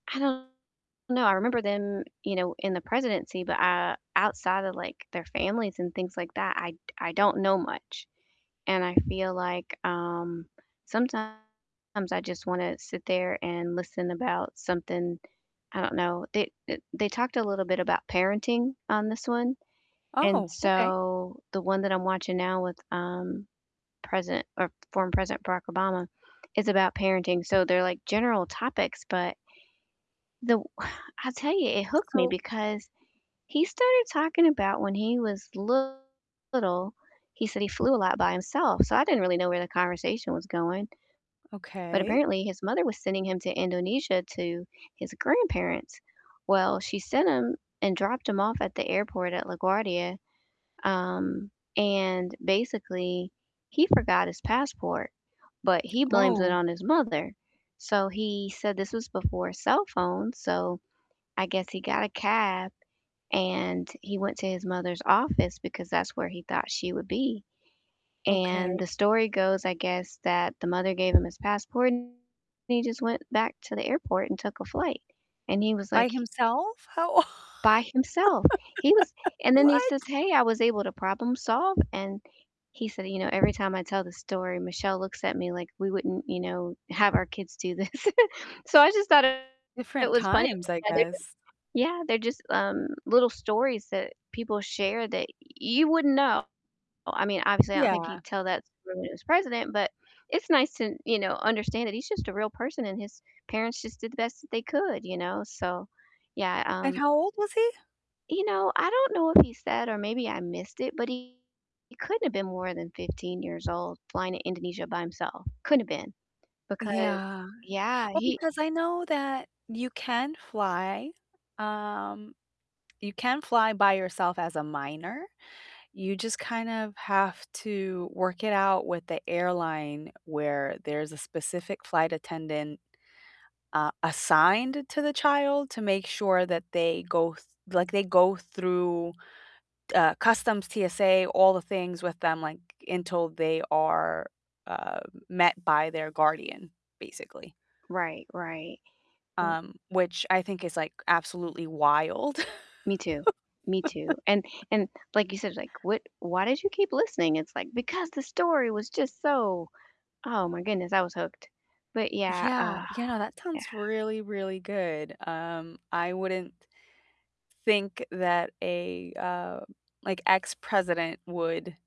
I don't know, I remember them, you know, in the presidency, but, uh, outside of, like, their families and things like that, I d I don't know much. And I feel like, um, sometimes I just wanna sit there and listen about something, I don't know they, e they talked a little bit about parenting on this one, and Oh, okay. so the one that I'm watching now with, um, President or former President Barack Obama is about parenting. So they're like general topics, but the I tell you, it hooked me So because he started talking about when he was little, he said he flew a lot by himself, so I didn't really know where the conversation was going but Okay. apparently his mother was sending him to Indonesia to his grandparents. Well, she sent him and dropped him off at the airport at LaGuardia, um, and basically, he forgot his passport, but he blames it Oh. on his mother. So he said this was before cell phones, so I guess he got a cab and he went to his mother's office because that's where he thought she would be. And Okay. the story goes, I guess, that the mother gave him his passport and he just went back to the airport and took a flight, and he was By like himself? How o by himself. He was and then he says, What? "Hey, I was able to problem solve," and he said, "You know, every time I tell the story, Michelle looks at me like we wouldn't, you know, have our kids do this." So I just thought it Different was funny, times, I that they're just guess. yeah, they're just, um, little stories that people share that you wouldn't know. I mean, obviously I don't think Yeah. he'd tell that story when he was president, but it's nice to, you know, understand that he's just a real person and his parents just did the best that they could, you know? So yeah, And um how old was he? you know, I don't know if he said, or maybe I missed it, but he couldn't have been more than 15 years old flying to Indonesia by himself, couldn't have been because Yeah. yeah, Well, he because I know that you can fly, um you can fly by yourself as a minor, you just kind of have to work it out with the airline where there's a specific flight attendant, uh, assigned to the child to make sure that they go th like, they go through, uh, customs, TSA, all the things with them, like, until they are, uh, met by their guardian, basically. Right, right, w Um, which I think is, like, absolutely wild. Me too, me too, and and, like you said, like, "What why did you keep listening?" It's like, "Because the story was just so" oh my goodness, I was hooked. But yeah, Yeah, uh yeah, no, that yeah. sounds really, really good. Um, I wouldn't think that a, uh, like, ex-president would